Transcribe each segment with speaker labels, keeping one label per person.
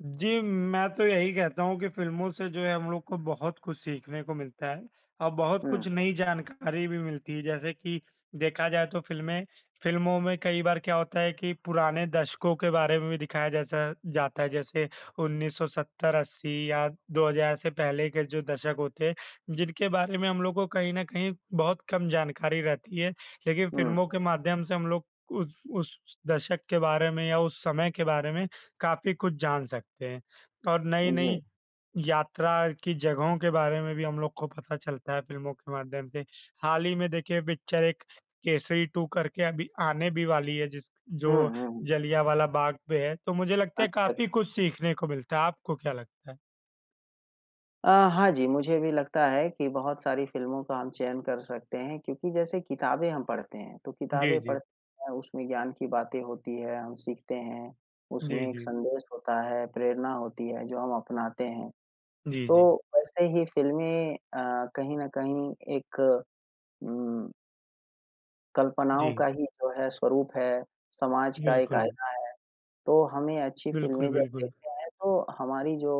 Speaker 1: जी, मैं तो यही कहता हूँ कि फ़िल्मों से जो है हम लोग को बहुत कुछ सीखने को मिलता हैं और बहुत
Speaker 2: हुँ।
Speaker 1: कुछ नई जानकारी भी मिलती है, जैसे कि देखा जाए तो फ़िल्में फ़िल्मों में कई बार क्या होता है कि पुराने दशकों के बारे में भी दिखाया जैसा जाता है, जैसे 1970-80 या 2000 से पहले के जो दशक होते हैं, जिनके बारे में हम लोगों को कहीं न कहीं बहुत कम जानकारी रहती है, लेकिन
Speaker 2: हुँ।
Speaker 1: फ़िल्मों के माध्यम से हम लोग उस उस दशक के बारे में या उस समय के बारे में काफ़ी कुछ जान सकते हैं और
Speaker 2: उ, जी।
Speaker 1: नई-नई यात्रा की जगहों के बारे में भी हम लोग को पता चलता है फ़िल्मों के माध्यम से। हाल ही में देखिए पिक्चर एक केसरी 2 करके अभी आने भी वाली है जिस
Speaker 2: हुँ,
Speaker 1: जो
Speaker 2: हुँ, हुँ।
Speaker 1: जलियांवाला बाग पे है, तो मुझे लगता है
Speaker 2: अच्छा।
Speaker 1: काफ़ी कुछ सीखने को मिलता है, आपको क्या लगता है?
Speaker 2: अ, हाँ जी, मुझे भी लगता है कि बहुत सारी फ़िल्मों को हम चयन कर सकते हैं क्योंकि जैसे किताबें हम पढ़ते हैं, तो किताबें
Speaker 1: जी, जी।
Speaker 2: पढ़ते हैं उसमें ज्ञान की बातें होती हैं, हम सीखते हैं,
Speaker 1: जी,
Speaker 2: उसमें एक
Speaker 1: जी।
Speaker 2: संदेश होता है, प्रेरणा होती है जो हम अपनाते हैं,
Speaker 1: जी, जी।
Speaker 2: तो वैसे ही फ़िल्में अ, कहीं न कहीं एक उम कल्पनाओं
Speaker 1: जी।
Speaker 2: का ही जो है स्वरूप है, समाज का एक
Speaker 1: बिल्कुल।
Speaker 2: आईना है, तो हमें अच्छी
Speaker 1: बिल्कुल,
Speaker 2: फ़िल्में जब
Speaker 1: बिल्कुल।
Speaker 2: देखते हैं तो हमारी जो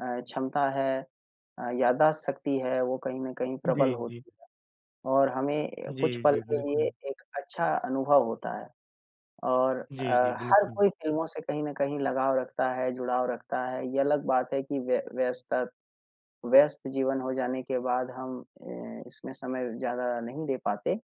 Speaker 2: अ, क्षमता है, अ, याददाश्त शक्ति है, वो कहीं न कहीं प्रबल
Speaker 1: जी, जी।
Speaker 2: होती है और हमें कुछ
Speaker 1: जी,
Speaker 2: पल
Speaker 1: जी।
Speaker 2: के लिए
Speaker 1: बिल्कुल।
Speaker 2: एक अच्छा अनुभव होता है और अ,
Speaker 1: जी, जी।
Speaker 2: हर
Speaker 1: बिल्कुल।
Speaker 2: कोई फ़िल्मों से कहीं न कहीं लगाव रखता है, जुड़ाव रखता है, ये अलग बात है कि व्य-व्यस्ता व्यस्त जीवन हो जाने के बाद हम अ, इसमें समय ज़्यादा नहीं दे पाते।